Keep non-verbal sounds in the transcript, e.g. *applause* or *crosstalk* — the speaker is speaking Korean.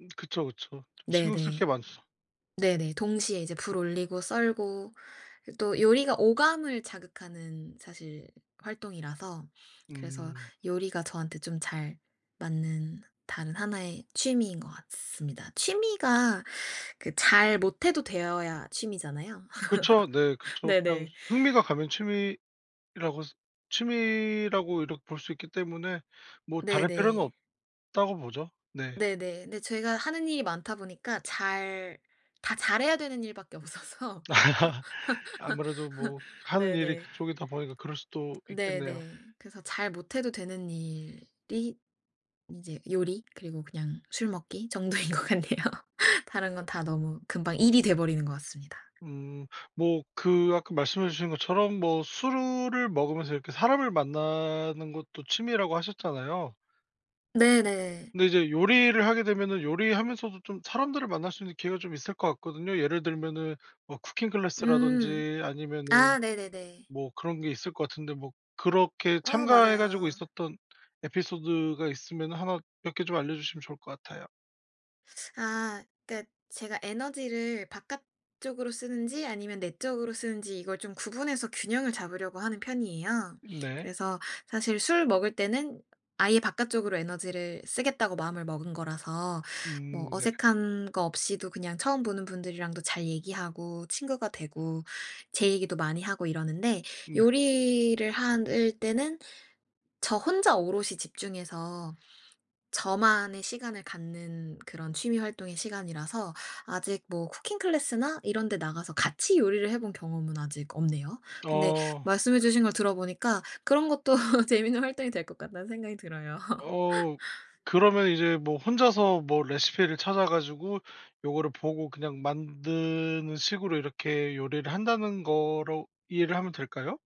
음 그쵸 그쵸. 좀 신경 쓸 게 네네. 많죠. 네네. 동시에 이제 불 올리고 썰고 그 또 요리가 오감을 자극하는 사실 활동이라서 그래서 음. 요리가 저한테 좀 잘 맞는 다른 하나의 취미인 것 같습니다. 취미가 그 잘 못해도 되어야 취미잖아요. 그쵸. 네. *laughs* 그쵸. 그냥 네네. 흥미가 가면 취미라고 취미라고 이렇 볼 수 있기 때문에 뭐 '잘할 필요는 네네. 없다.'고 보죠. 네. 네네. 네 제가 하는 일이 많다 보니까 잘 다 잘해야 되는 일 밖에 없어서. *laughs* 아무래도 뭐 *laughs* 하는 일이 네네. 그쪽이다 보니까 그럴 수도 있겠네요. 네네. 그래서 잘 못해도 되는 일이 이제 요리 그리고 그냥 술 먹기 정도인 것 같네요. *laughs* 다른 건 다 너무 금방 일이 돼버리는 것 같습니다. 음. 뭐 그 아까 말씀해 주신 것처럼 뭐 술을 먹으면서 이렇게 사람을 만나는 것도 취미라고 하셨잖아요. 네네. 근데 이제 요리를 하게 되면은 요리하면서도 좀 사람들을 만날 수 있는 기회가 좀 있을 것 같거든요. 예를 들면은 뭐 쿠킹 음. 클래스라든지 아니면은 아. 네네네. 뭐 그런 게 있을 거 같은데 뭐 그렇게 어 참가해 가지고 맞아요. 있었던 에피소드가 있으면은 하나 몇 개 좀 알려주시면 좋을 것 같아요. *sucks teeth* 아. 그니까 제가 에너지를 바깥쪽으로 쓰는지 아니면 내 쪽으로 쓰는지 이걸 좀 구분해서 균형을 잡으려고 하는 편이에요. 네. 그래서 사실 술 먹을 때는 아예 '바깥쪽으로 에너지를 쓰겠다.'고 마음을 먹은 거라서 뭐 음. 네. 어색한 거 없이도 그냥 처음 보는 분들이랑도 잘 얘기하고 친구가 되고 제 얘기도 많이 하고 이러는데 음. 네. 요리를 한 을 때는 저 혼자 오롯이 집중해서 저만의 시간을 갖는 그런 취미 활동의 시간이라서 아직 뭐 쿠킹 클래스나 이런 데 나가서 같이 요리를 해 본 경험은 아직 없네요. 근데 어. 말씀해 주신 걸 들어보니까 그런 것도 *laughs* 재밌는 활동이 될 것 같다는 생각이 들어요. 어. *laughs* 그러면 이제 뭐 혼자서 뭐 레시피를 찾아 가지고 요거를 보고 그냥 만드는 식으로 '이렇게 요리를 한다.'는 거로 이해를 하면 될까요?